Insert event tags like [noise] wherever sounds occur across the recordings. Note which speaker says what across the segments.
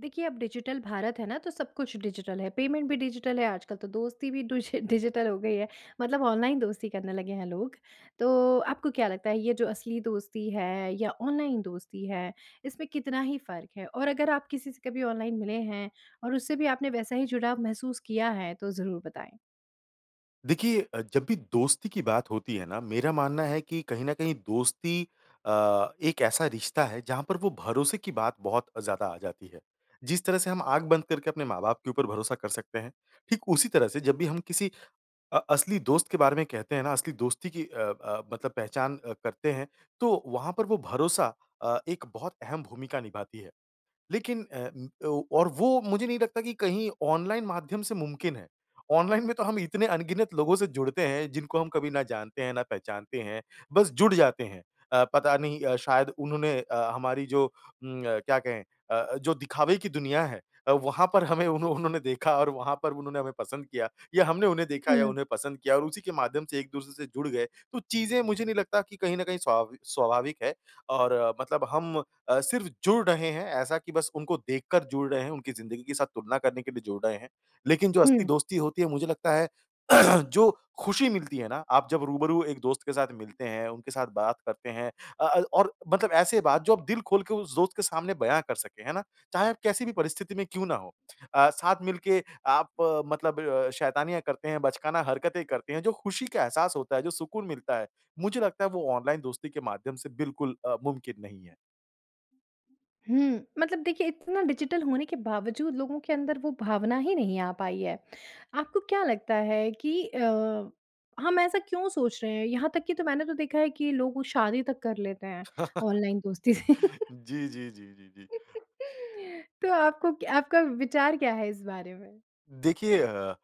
Speaker 1: देखिए, अब डिजिटल भारत है ना, तो सब कुछ डिजिटल है। पेमेंट भी डिजिटल है। आजकल तो दोस्ती भी डूजि डिजिटल हो गई है, मतलब ऑनलाइन दोस्ती करने लगे हैं लोग। तो आपको क्या लगता है, ये जो असली दोस्ती है या ऑनलाइन दोस्ती है, इसमें कितना ही फ़र्क है और अगर आप किसी से कभी ऑनलाइन मिले हैं और उससे भी आपने वैसा ही जुड़ाव महसूस किया है। तो ज़रूर बताएँ?
Speaker 2: देखिए अ, जब भी दोस्ती की बात होती है ना, मेरा मानना है कि कहीं न कहीं दोस्ती अ, एक ऐसा रिश्ता है जहाँ पर वो भरोसे की बात बहुत ज़्यादा आ जाती है। जिस तरह से हम आँख बंद करके अपने माँ-बाप के ऊपर भरोसा कर सकते हैं। ठीक उसी तरह से जब भी हम किसी अ, असली दोस्त के बारे में कहते हैं ना, असली दोस्ती की अ अ, मतलब पहचान अ, करते हैं। तो वहाँ पर वो भरोसा अ, एक बहुत अहम भूमिका निभाती है। लेकिन अ, ओ और वो मुझे नहीं लगता कि कहीं ऑनलाइन माध्यम से मुमकिन है। ऑनलाइन में तो हम इतने अनगिनत लोगों से जुड़ते हैं जिनको हम कभी ना जानते हैं, ना पहचानते हैं, बस जुड़ जाते हैं। अ, पता नहीं अ, शायद उन्होंने अ, हमारी जो उम, क्या कहें अ, जो दिखावे की दुनिया है अ, वहाँ पर हमें उन्हों उन्होंने देखा और वहाँ पर उन्होंने हमें पसंद किया। या हमने उन्हें देखा या
Speaker 1: हुँ।
Speaker 2: उन्हें पसंद किया और उसी के माध्यम से एक-दूसरे से जुड़ गए। तो चीज़ें मुझे नहीं लगता कि कहीं न कहीं स्वविक स्वाभाविक है। और मतलब हम अ, सिर्फ़ जुड़ रहे हैं ऐसा की बस उनको देखकर जुड़ रहे हैं, उनकी ज़िंदगी के साथ तुलना करने के लिए जुड़ रहे हैं। लेकिन जो असली
Speaker 1: हुँ।
Speaker 2: दोस्ती होती है, मुझे लगता है [clears throat] जो ख़ुशी मिलती है ना, आप जब रूबरू एक दोस्त के साथ मिलते हैं, उनके साथ बात करते हैं। अ अ, और मतलब ऐसे बात जो आप दिल खोल के उस दोस्त के सामने बयाँ कर सकें। है ना? चाहे आप कैसी भी परिस्थिति में क्यों ना हों, अ, साथ मिलके आप मतलब शैतानियाँ करते हैं, बचकाना हरकतें करते हैं, जो ख़ुशी का एहसास होता है, जो सुकून मिलता है। मुझे लगता है वो ऑनलाइन दोस्ती के माध्यम से बिल्कुल अ, मुमकिन नहीं है।
Speaker 1: हुँ, मतलब देखिए, इतना डिजिटल होने के बावजूद लोगों के अंदर वो भावना ही नहीं आ पाई है। आपको क्या लगता है कि अ, हम ऐसा क्यों सोच रहे हैं? यहाँ तक कि तो मैंने तो देखा है कि लोग तो शादी तक कर लेते हैं
Speaker 2: [chuckles]
Speaker 1: ऑनलाइन दोस्ती से?
Speaker 2: जी, जी, जी, जी, जी।
Speaker 1: [chuckles] तो आपको क्या आपका विचार क्या है इस बारे में?
Speaker 2: देखिए अ,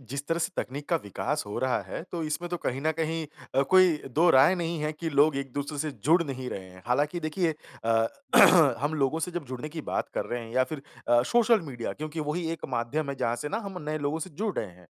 Speaker 2: जिस तरह से तकनीक का विकास हो रहा है, तो इसमें तो कहीं न कहीं अ, कोई दो राय नहीं है कि लोग एक-दूसरे से जुड़ नहीं रहे हैं। हालाँकि देखिए अ, [clears throat] हम लोगों से जब जुड़ने की बात कर रहे हैं या फ़िर अ, सोशल मीडिया, क्योंकि वही एक माध्यम है जहाँ से ना हम नए लोगों से जुड़ रहे हैं।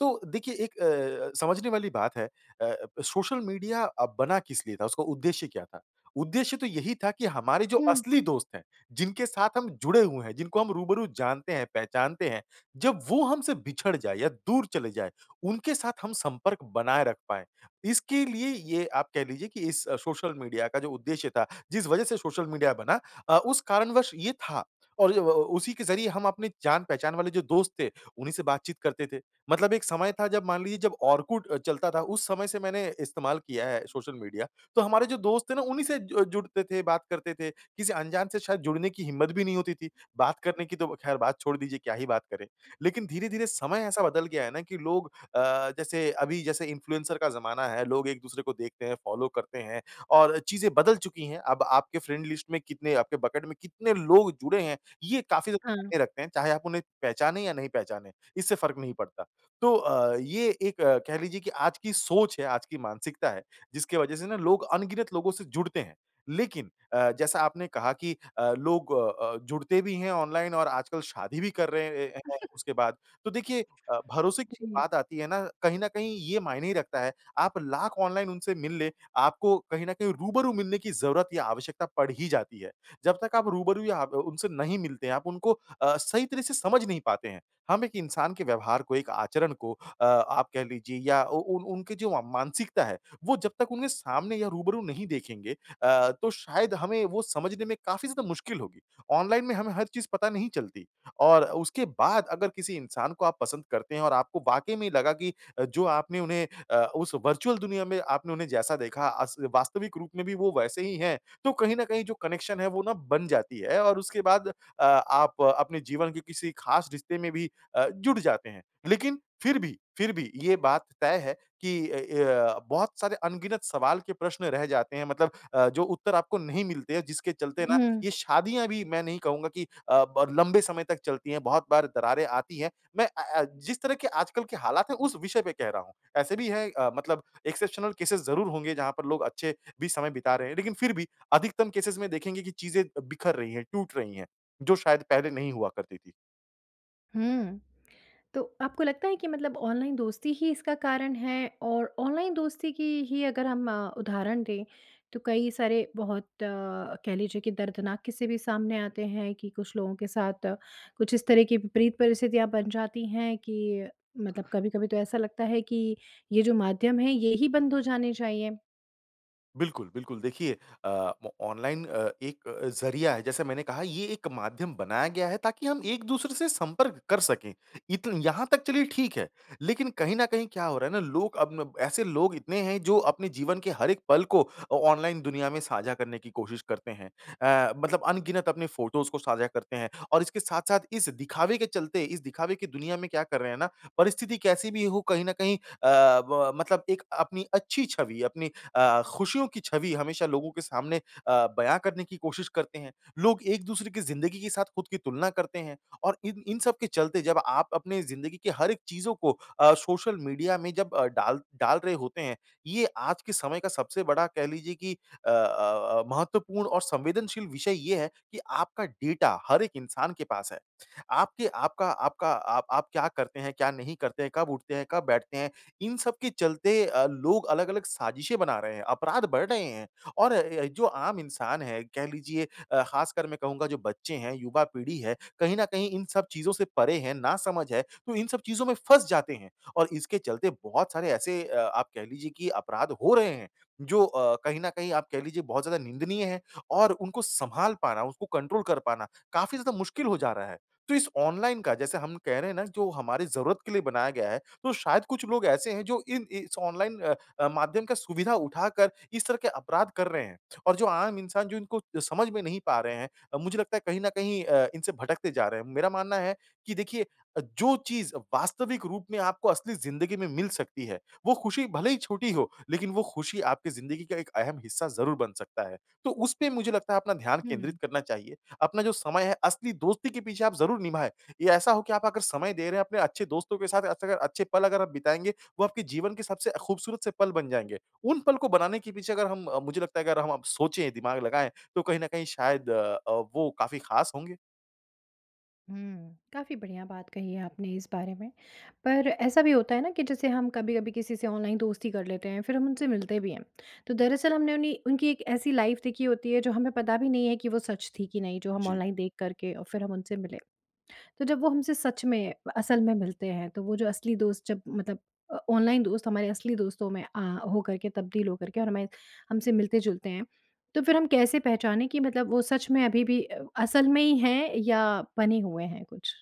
Speaker 2: तो देखिए, एक अ, समझने वाली बात है अ, सोशल मीडिया अ, बना किस लिए था, उसका उद्देश्य क्या था? उद्देश्य तो यही था कि हमारे जो
Speaker 1: हुँ।
Speaker 2: असली दोस्त हैं जिनके साथ हम जुड़े हुए हैं, जिनको हम रूबरू जानते हैं, पहचानते हैं। जब वो हमसे बिछड़ जाए या दूर चले जाए, उनके साथ हम संपर्क बनाए रख पाएँ। इसके लिए ये आप कह लीजिए कि इस सोशल मीडिया का जो उद्देश्य था, जिस वजह से सोशल मीडिया बना अ, उस कारणवश ये था और [unintelligible] ओ उसी के ज़रिए हम अपने जान-पहचान वाले जो दोस्त थे, उन्हीं से बातचीत करते थे। मतलब एक समय था जब मान लीजिए, जब ऑरकुट अ, चलता था, उस समय से मैंने इस्तेमाल किया है सोशल मीडिया। तो हमारे जो दोस्त थे ना, उन्हीं से जु जुड़ते थे, बात करते थे। किसी अनजान से शायद जुड़ने की हिम्मत भी नहीं होती थी बात करने की तो ख़ैर बात छोड़ दीजिए, क्या ही बात करें। लेकिन धीरे-धीरे समय ऐसा बदल गया है ना कि लोग अ, जैसे अभी जैसे इंफ्लुएंसर का ज़माना है। लोग एक-दूसरे को देखते हैं, फ़ॉलो करते हैं और चीज़ें बदल चुकी हैं। अब आपके फ्रेंड लिस्ट में कितने, आपके बकेट में कितने लोग जुड़े हैं, ये काफ़ी ज़्यादा
Speaker 1: हाँ।
Speaker 2: मायने रखते हैं। चाहे आप उन्हें पहचाने या नहीं पहचाने इससे फ़र्क नहीं पड़ता। तो अ, ये एक कह लीजिए कि आज की सोच है, आज की मानसिकता है जिसकी वजह से ना लोग अनगिनत लोगों से जुड़ते हैं। लेकिन अ, जैसा आपने कहा कि अ, लोग अ अ, जुड़ते भी हैं ऑनलाइन और आजकल शादी भी कर रहे ए ए हैं
Speaker 1: [chuckles]
Speaker 2: उसके बाद। तो देखिए अ, भरोसे की
Speaker 1: जी।
Speaker 2: बात आती है ना, कहीं न कहीं ये मायने रखता है, आप लाख ऑनलाइन उनसे मिल ले, आपको कहीं न कहीं रूबरू मिलने की ज़रूरत या आवश्यकता पड़ ही जाती है। जब तक आप रूबरू या आप उनसे नहीं मिलते हैं, आप उनको अ, सही तरह से समझ नहीं पाते हैं। हम एक इंसान के व्यवहार को, एक आचरण को अ, आप कह लीजिए या उ उन उनके जो मानसिकता है, वो जब तक उनके सामने या रूबरू नहीं देखेंगे। अ, तो शायद हमें वो समझने में काफ़ी ज़्यादा मुश्किल होगी ऑनलाइन में हमें हर चीज़ पता नहीं चलती। और उसके बाद अगर किसी इंसान को आप पसंद करते हैं और आपको वाक़ई में लगा कि जो आपने उन्हें अ, उस वर्चुअल दुनिया में आपने उन्हें जैसा देखा अस वास्तविक रूप में भी वो वैसे ही है। तो कहीं न कहीं जो कनेक्शन है, वो ना बन जाती है और उसके बाद अ, आप अपने जीवन के किसी ख़ास रिश्ते में भी अ, जुड़ जाते हैं। लेकिन फ़िर भी फ़िर भी ये बात तय है कि अ, य बहुत सारे अनगिनत सवाल के प्रश्न रह जाते हैं। मतलब अ, जो उत्तर आपको नहीं मिलते हैं, जिसके चलते ना
Speaker 1: हुँ।
Speaker 2: ये शादियाँ भी मैं नहीं कहूँगा कि अ, ब लंबे समय तक चलती हैं, बहुत बार दरारें आती हैं। मैं अ अ, जिस तरह के आजकल के हालात हैं, उस विषय पे कह रहा हूँ। ऐसे भी हैं अ, मतलब एक्सेप्शनल केसेज़ ज़रूर होंगे जहाँ पर लोग अच्छे भी समय बिता रहे हैं। लेकिन फ़िर भी अधिकतम केसेज़ में देखेंगे कि चीज़ें बिखर रही हैं, टूट रही हैं, जो शायद पहले नहीं हुआ करती थी।
Speaker 1: हुँ। तो आपको लगता है कि मतलब ऑनलाइन दोस्ती ही इसका कारण है? और ऑनलाइन दोस्ती की ही अगर हम उदाहरण दें, तो कई सारे बहुत कह लीजिए कि दर्दनाक क़िस्से भी सामने आते हैं कि कुछ लोगों के साथ कुछ इस तरह की विपरीत परिस्थितियाँ बन जाती हैं कि मतलब कभी-कभी तो ऐसा लगता है कि, ये जो माध्यम हैं, ये ही बंद हो जाने चाहिए।
Speaker 2: बिल्कुल, बिल्कुल, देखिए अ, म ऑनलाइन अ, एक अ, ज़रिया है, जैसे मैंने कहा, ये एक माध्यम बनाया गया है, ताकि हम एक-दूसरे से संपर्क कर सकें। इत यहाँ तक, चलिए, ठीक है। लेकिन कहीं न कहीं, क्या हो रहा है ना, लोग अब न ऐसे लोग इतने हैं, जो अपने जीवन के हर एक पल को अ, ऑनलाइन दुनिया में साझा करने की कोशिश करते हैं। अ, मतलब अनगिनत अपने फ़ोटोज़ को साझा करते हैं और इसके साथ-साथ, इस दिखावे के चलते, इस दिखावे की दुनिया में क्या कर रहे हैं ना, परिस्थिति कैसे भी हो, कहीं न कहीं अ, ब मतलब एक अपनी अच्छी छवि, अपनी अ, खुशियों की छवि हमेशा लोगों के सामने अ, बयान करने की कोशिश करते हैं, लोग एक-दूसरे की ज़िंदगी के साथ खुद की तुलना करते हैं और इन इन सब के चलते जब आप अपनी ज़िन्दगी के हर एक चीज़ों को अ, सोशल मीडिया में जब अ, डाल डाल रहे होते हैं, ये आज के समय का, सबसे बड़ा कह लीजिए कि अ अ अ, महत्वपूर्ण और संवेदनशील विषय ये है कि आपका डेटा, हर एक इंसान के पास है। आपके आपका आपका आप आप क्या करते हैं, क्या नहीं करते हैं, कब उठते हैं, कब बैठते हैं, इन सब के चलते अ, लोग अलग-अलग साज़िशें बना रहे हैं, अपराध बढ़ रहे हैं, और अ, य जो आम इंसान है, कह लीजिए अ, खासकर मैं कहूँगा जो बच्चे हैं, युवा पीढ़ी है, कहीं न कहीं इन सब चीज़ों से परे हैं नासमझ है, तो इन सब चीज़ों में फँस जाते हैं और इसके चलते बहुत सारे ऐसे अ, आप कह लीजिए कि अपराध हो रहे हैं, जो अ, कहीं न कहीं आप कह लीजिए, बहुत ज़्यादा निंदनीय है और उनको संभाल पाना, उसको कंट्रोल कर पाना, काफ़ी ज़्यादा मुश्किल हो जा रहा है। तो इस ऑनलाइन का जैसे हम कह रहे हैं ना जो हमारी ज़रूरत के लिए बनाया गया है, तो शायद कुछ लोग ऐसे हैं, जो इन इस ऑनलाइन अ, माध्यम का सुविधा उठाकर, इस तरह के अपराध कर रहे हैं। और जो आम इंसान, जो इनको समझ में नहीं पा रहे हैं अ, मुझे लगता है, कहीं न कहीं अ, इनसे भटकते जा रहे हैं, मेरा मानना है कि देखिए अ, जो चीज़ वास्तविक रूप में आपको असली ज़िंदगी में मिल सकती है वो खुशी भले ही छोटी हो, लेकिन वो खुशी आपके ज़िंदगी का एक अहम हिस्सा ज़रूर बन सकता है। तो उसपे मुझे लगता है अपना ध्यान केंद्रित
Speaker 1: हुँ।
Speaker 2: करना चाहिए। अपना जो समय है असली दोस्ती के पीछे आप ज़रूर निभाएँ या ऐसा हो कि आप अगर समय दे रहे हैं अपने अच्छे दोस्तों के साथ ऐसे अगर अच्छे पल अगर आप बिताएँगे, वह आपके जीवन के सबसे ख़ूबसूरत से पल बन जाएँगे। उन पल को बनाने के पीछे अगर हम अ, मुझे लगता है कि अगर हम अब सोचें, दिमाग लगाएँ, तो कहीं न कहीं शायद अ, वो काफ़ी खास होंगे।
Speaker 1: हुँ, काफ़ी बढ़िया बात कही है आपने इस बारे में, पर ऐसा भी होता है ना कि जैसे हम कभी-कभी किसी से ऑनलाइन दोस्ती कर लेते हैं फ़िर हम उनसे मिलते भी हैं। तो दरअसल हमने उन्हीं उनकी एक ऐसी लाइफ़ देखी होती है जो हमें पता भी नहीं है कि वो सच थी कि नहीं जो हम
Speaker 2: जी।
Speaker 1: ऑनलाइन देख कर के और फ़िर हम उनसे मिले। तो जब वो हमसे सच में व असल में मिलते हैं, तो वो जो असली दोस्त जब मतलब अ, ऑनलाइन दोस्त हमारे असली दोस्तों में आ हो कर के तब्दील हो कर के और हमें हमसे मिलते-जुलते हैं। तो फ़िर हम कैसे पहचाने कि मतलब वो सच में अभी-भी अ असल में ही है या बने हुए हैं कुछ?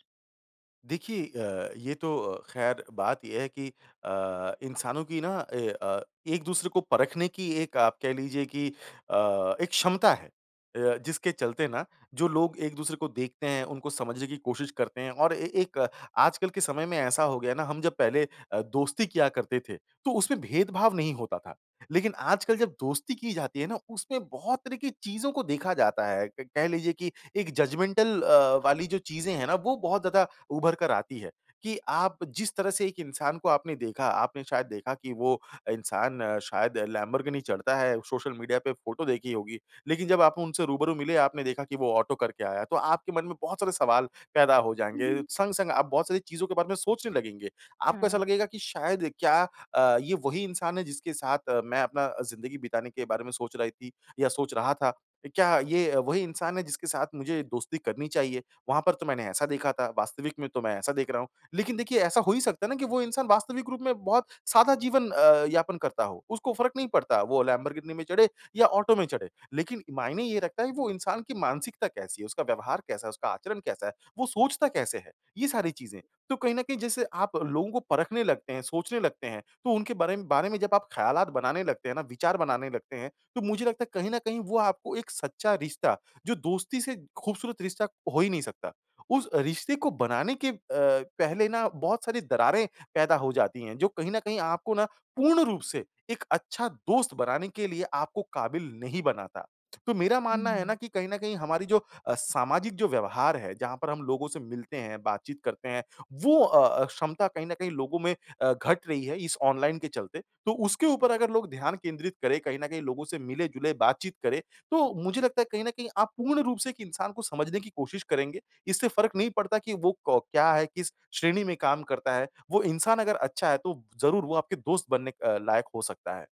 Speaker 2: देखिए अ, ये तो अ, ख़ैर बात ये है कि अ, इंसानों की ना ए अ, एक-दूसरे को परख़ने की एक आप कह लीजिए कि अ, एक क्षमता है। अ, जिसके चलते ना जो लोग एक-दूसरे को देखते हैं उनको समझने की कोशिश करते हैं और ए एक आजकल के समय में ऐसा हो गया है ना हम जब पहले अ, दोस्ती किया करते थे, तो उसमें भेदभाव नहीं होता था। लेक़िन आजकल जब दोस्ती की जाती है ना उसमें बहुत तरह की चीज़ों को देखा जाता है क कह लीजिए कि एक जजमेंटल अ, वाली जो चीज़ें हैं ना वो बहुत ज़्यादा उभर कर आती हैं, कि आप जिस तरह से एक इंसान को आपने देखा आपने शायद देखा कि वो इंसान शायद लैम्बोर्गिनी चढ़ता है सोशल मीडिया पे फ़ोटो देखी होगी। लेकिन जब आप उनसे रूबरू मिले आपने देखा कि वो ऑटो करके आया है तो आपके मन में बहुत सारे सवाल पैदा हो जाएँगे,
Speaker 1: [chuckles]
Speaker 2: संग-संग आप बहुत सारी चीज़ों के बारे में सोचने लगेंगे। आपको ऐसा
Speaker 1: हाँ।
Speaker 2: लगेगा कि शायद क्या अ, ये वही इंसान है जिसके साथ मैं अपना अ, ज़िंदगी बिताने के बारे में सोच रही थी या सोच रहा था। अ, क्या ये वही इंसान है जिसके साथ मुझे दोस्ती करनी चाहिए? वहाँ पर तो मैंने ऐसा देखा था, वास्तविक में तो मैं ऐसा देख रहा हूँ। लेक़िन देखिए ऐसा हो ही सकता है ना कि वो इंसान वास्तविक रूप में बहुत सादा जीवन अ, यापन करता हो। उसको फ़र्क नहीं पड़ता वो लैम्बोर्गिनी में चढ़े या ऑटो में चढ़े, लेक़िन मायने ये रखता है कि वो इंसान की मानसिकता कैसी है? उसका व्यवहार कैसा है? उसका आचरण कैसा है? वो सोचता कैसे है? ये सारी चीज़ें। तो कहीं न कहीं जैसे आप लोगों को परख़ने लगते हैं सोचने लगते हैं तो उनके बारे में बारे में जब आप ख़यालात बनाने लगते हैं ना विचार बनाने लगते हैं, तो मुझे लगता है कहीं न कहीं वो आपको एक सच्चा रिश्ता जो दोस्ती से ख़ूबसूरत रिश्ता हो ही नहीं सकता। उस रिश्ते को बनाने के अ, पहले ना बहुत सारी दरारें पैदा हो जाती हैं जो कहीं न कहीं आपको ना, पूर्ण रूप से एक अच्छा दोस्त बनाने के लिए आपको काबिल नहीं बनाता। तो मेरा मानना है ना
Speaker 1: हुँ।
Speaker 2: कि कहीं न कहीं हमारी जो अ, सामाजिक जो व्यवहार है, जहाँ पर हम लोगों से मिलते हैं बातचीत करते हैं वो अ अ, क्षमता कहीं न कहीं लोगों में अ, घट रही है इस ऑनलाइन के चलते, तो उसके ऊपर अगर लोग ध्यान केंद्रित करें कहीं न कहीं लोगों से मिले-जुले बातचीत करें, तो मुझे लगता है कहीं न कहीं आप पूर्ण रूप से एक इंसान को समझने की कोशिश करेंगे। इससे फ़र्क नहीं पड़ता कि वो को क्या है किस श्रेणी में काम करता है, वो इंसान अगर अच्छा है तो ज़रूर वो आपके दोस्त बनने अ, लायक हो सकता है।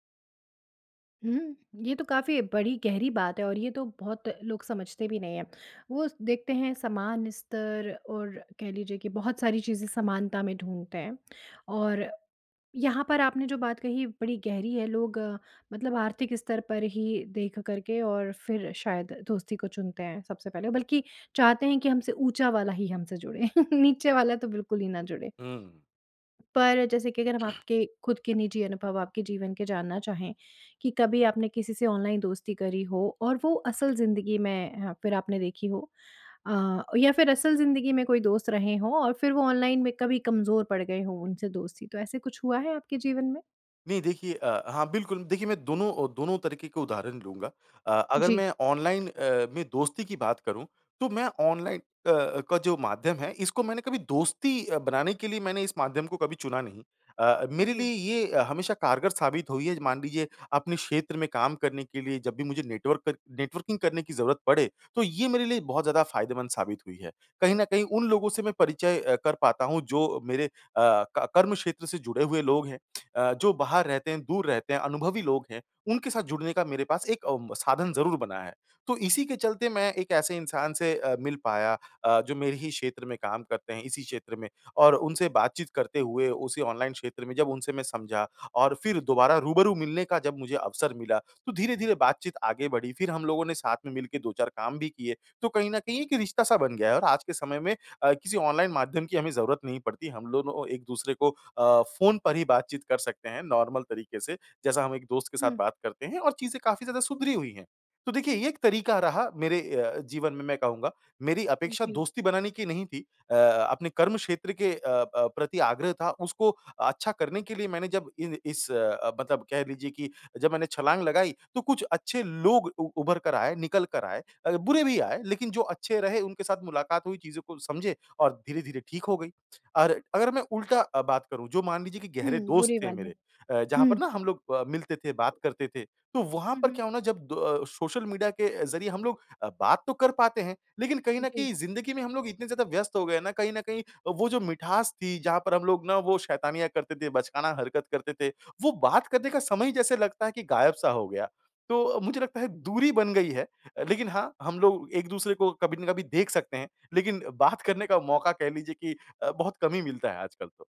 Speaker 1: हुँ, ये तो काफ़ी बड़ी गहरी बात है और ये तो बहुत लोग समझते भी नहीं हैं, वो देखते हैं समान स्तर और कह लीजिए कि बहुत सारी चीज़ें समानता में ढूँढते हैं। और यहाँ पर आपने जो बात कही बड़ी गहरी है लोग मतलब आर्थिक स्तर पर ही देख कर के और फ़िर शायद दोस्ती को चुनते हैं सबसे पहले। बल्कि चाहते हैं कि हमसे ऊँचा वाला ही हम से जुड़े [chuckles] नीचे वाला तो बिल्कुल ही ना जुड़े।
Speaker 2: हुँ।
Speaker 1: पर जैसे कि अगर हम आपके ख़ुद के निजी अनुभव आपके जीवन के जानना चाहें, कि कभी आपने किसी से ऑनलाइन दोस्ती करी हो और वो असल ज़िंदगी में अ, फ़िर आपने देखी हो अ, या फ़िर असल ज़िंदगी में कोई दोस्त रहें हों और फ़िर वो ऑनलाइन में कभी कमज़ोर पड़ गए हों उनसे दोस्ती, तो ऐसे कुछ हुआ है आपके जीवन में?
Speaker 2: नहीं देखिए, अ, हाँ बिल्कुल। देखिए, मैं दोनों अ, दोनों तरीक़े के उदाहरण लूँगा अ, अगर
Speaker 1: जी।
Speaker 2: मैं ऑनलाइन अ, में दोस्ती की बात करूँ, तो मैं ऑनलाइन अ अ, का जो माध्यम है इसको मैंने कभी दोस्ती अ, बनाने के लिए मैंने इस माध्यम को कभी चुना नहीं। अ, मेरे
Speaker 1: जी।
Speaker 2: लिए ये हमेशा कारगर साबित हुई है मान लीजिए अपने क्षेत्र में काम करने के लिए जब भी मुझे नेटवर्कर नेटवर्किंग करने की ज़रूरत पड़े, तो ये मेरे लिए बहुत ज़्यादा फ़ायदेमंद साबित हुई है कहीं न कहीं उन लोगों से मैं परिचय अ, कर पाता हूँ जो मेरे अ, क कर्मक्षेत्र से जुड़े हुए लोग हैं। अ, जो बाहर रहते हैं, दूर रहते हैं, अनुभवी लोग हैं, उनके साथ जुड़ने का मेरे पास एक अम, साधन ज़रूर बना है। तो इसी के चलते मैं एक ऐसे इंसान से अ, मिल पाया अ, जो मेरे ही क्षेत्र में काम करते हैं इसी क्षेत्र में और उनसे बातचीत करते हुए उसी ऑनलाइन क्षेत्र में जब उनसे मैं समझा और फ़िर दोबारा रूबरू मिलने का जब मुझे अवसर मिला, तो धीरे-धीरे बातचीत आगे बढ़ी। फ़िर हम लोगों ने साथ में मिलके 2-4 काम भी किए, तो कहीं न कहीं एक रिश्ता-सा बन गया है और आज के समय में अ, किसी ऑनलाइन माध्यम की हमें ज़रूरत नहीं पड़ती हम दोनों एक-दूसरे को अ, फ़ोन पर ही बातचीत कर सकते हैं नॉर्मल तरीक़े से, जैसा हम 1 दोस्त के साथ
Speaker 1: हुँ।
Speaker 2: बात करते हैं और चीज़ें काफ़ी ज़्यादा सुधरी हुई हैं। तो देखिए ये 1 तरीक़ा रहा मेरे अ, जीवन में मैं कहूँगा, मेरी
Speaker 1: उ
Speaker 2: अपेक्षा
Speaker 1: जी।
Speaker 2: दोस्ती बनाने की नहीं थी अ अपने कर्मक्षेत्र के अ अ, प्रति आग्रह था उसको अच्छा करने के लिए मैंने जब इन इस अ, मतलब कह लीजिए कि जब मैंने छलाँग लगाई तो कुछ अच्छे लोग उ उभर कर आए, निकल कर आए अ, बुरे भी आए लेक़िन जो अच्छे रहे उनके साथ मुलाक़ात हुई चीज़ों को समझे और धीरे-धीरे ठीक हो गई। और अगर मैं उल्टा अ, बात करूँ जो मान लीजिए कि गहरे
Speaker 1: हुँ,
Speaker 2: दोस्त
Speaker 1: बुरी
Speaker 2: थे
Speaker 1: वाली।
Speaker 2: मेरे अ, जहाँ पर
Speaker 1: हुँ।
Speaker 2: ना हम लोग अ, मिलते थे, बात करते थे, तो वहाँ
Speaker 1: हुँ,
Speaker 2: पर
Speaker 1: हुँ।
Speaker 2: क्या हुआ ना जब द सोशल मीडिया के ज़रिए हम लोग अ, बात तो कर पाते हैं, लेक़िन कहीं न
Speaker 1: जी।
Speaker 2: कहीं ज़िंदगी में हम लोग इतने ज़्यादा व्यस्त हो गए हैं ना कहीं न कहीं वो जो मिठास थी जहाँ पर हम लोग ना वो शैतानियाँ करते थे, बचकाना हरक़त करते थे, वो बात करने का समय ही जैसे लगता है कि गायब-सा हो गया। तो मुझे लगता है दूरी बन गई है, लेक़िन हाँ, हम लोग एक-दूसरे को कभी न कभी देख सकते हैं, लेक़िन बात करने का मौक़ा कह लीजिए कि अ, बहुत कम ही मिलता है आजकल तो।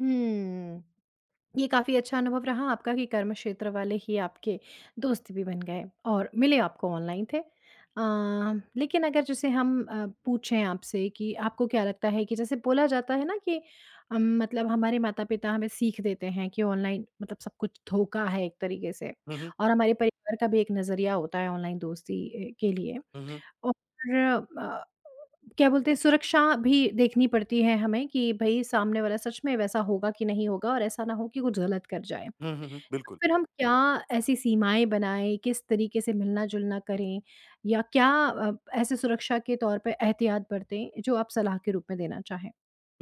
Speaker 1: हुँ, ये काफ़ी अच्छा अनुभव रहा आपका कि कर्मक्षेत्र वाले ही आपके दोस्त भी बन और मिले आपको ऑनलाइन थे। अ, लेक़िन अगर जैसे हम अ, पूछे आपसे कि आपको क्या लगता है कि जैसे बोला जाता है ना कि अम, मतलब हमारे माता-पिता हमें सीख देते हैं कि ऑनलाइन मतलब सब कुछ धोखा है एक तरीक़े से
Speaker 2: हुँ, हुँ।
Speaker 1: और हमारे परिवार का भी एक नज़रिया होता है ऑनलाइन दोस्ती ए के लिए
Speaker 2: हुँ, हुँ।
Speaker 1: और फ़िर अ, क्या बोलते हैं सुरक्षा भी देखनी पड़ती है हमें कि भई, सामने वाला सच में वैसा होगा कि नहीं होगा और ऐसा ना हो कि कुछ ग़लत कर जाए, तो
Speaker 2: हुँ, हुँ, हुँ। बिल्कुल।
Speaker 1: फ़िर हम क्या ऐसी सीमाएँ बनाएँ किस तरीक़े से मिलना-जुलना करें या क्या अ, ऐसे सुरक्षा के तौर पे एहतियात बरतें? जो आप सलाह के रूप में देना चाहें।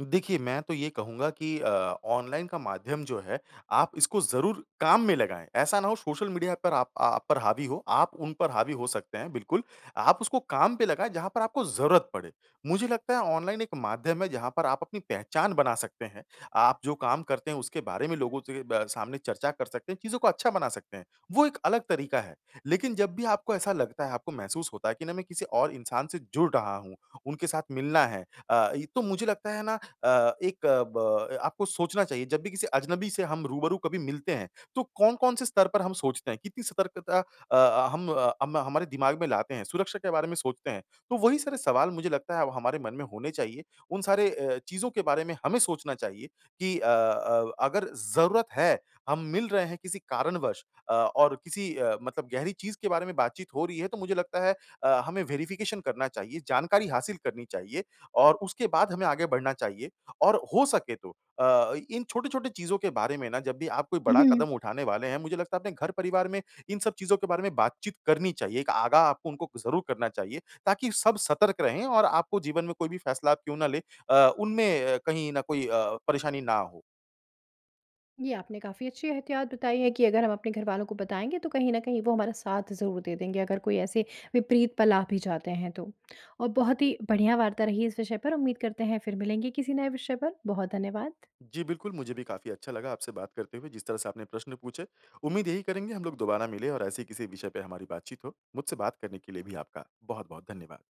Speaker 2: देखिए, मैं तो ये कहूँगा कि अ ऑनलाइन का माध्यम जो है, आप इसको ज़रूर काम में लगाएँ, ऐसा ना हो सोशल मीडिया पर आप अ, आप पर हावी हो, आप उन पर हावी हो सकते हैं बिल्कुल। आप उसको काम पे लगाएँ जहाँ पर आपको ज़रूरत पड़े। मुझे लगता है ऑनलाइन एक माध्यम है जहाँ पर आप अपनी पहचान बना सकते हैं, आप जो काम करते हैं उसके बारे में लोगों से ब सामने चर्चा कर सकते हैं चीज़ों को अच्छा बना सकते हैं, वो एक अलग तरीक़ा है। लेक़िन जब भी आपको ऐसा लगता है, आपको महसूस होता है कि ना मैं किसी और और इंसान से जुड़ रहा हूँ, उनके साथ मिलना है अ, इ तो मुझे लगता है ना अ, एक अ, ब आपको सोचना चाहिए जब भी किसी अजनबी से हम रूबरू कभी मिलते हैं, तो कौन-कौन से स्तर पर हम सोचते हैं कितनी सतर्कता अ अ, हम अ, हम हम हमारे दिमाग में लाते हैं सुरक्षा के बारे में सोचते हैं, तो वही सारे सवाल मुझे लगता है अब हमारे मन में होने चाहिए, उन सारे अ, चीज़ों के बारे में हमें सोचना चाहिए कि अ अ अगर ज़रूरत है, हम मिल रहे हैं किसी कारणवश अ, और किसी अ, मतलब गहरी चीज़ के बारे में बातचीत हो रही है तो मुझे लगता है अ, हमें वेरिफ़िकेशन करना चाहिए, जानकारी हासिल करनी चाहिए और उसके बाद हमें आगे बढ़ना चाहिए। और हो सके तो अ, इन छोटे-छोटे चीज़ों के बारे में ना जब भी आप कोई बड़ा
Speaker 1: उहुँ।
Speaker 2: कदम उठाने वाले हैं मुझे लगता है अपने घर परिवार में इन सब चीज़ों के बारे में बातचीत करनी चाहिए एक आगाह आपको उनको ज़रूर करना चाहिए, ताकि सब सतर्क रहें और आपको जीवन में कोई भी फ़ैसला आप क्यों ना ले अ, उनमें अ, कहीं न कोई अ, परेशानी ना हो।
Speaker 1: ये आपने काफ़ी अच्छी एहतियात बताई है कि अगर हम अपने घरवालों को बताएँगे तो कहीं न कहीं वो हमारा साथ ज़रूर दे देंगे अगर कोई ऐसे विपरीत पल आ भी जाते हैं तो। और बहुत ही बढ़िया वार्ता रही इस विषय पर उम्मीद करते हैं फ़िर मिलेंगे किसी नए विषय पर, बहुत धन्यवाद।
Speaker 2: जी बिल्कुल, मुझे भी काफ़ी अच्छा लगा आपसे बात करते हुए जिस तरह से आपने प्रश्न पूछे, उम्मीद यही करेंगे हम लोग दोबारा मिले और ऐसे ही किसी विषय पे हमारी बातचीत हो। मुझसे बात करने के लिए भी आपका बहुत-बहुत धन्यवाद।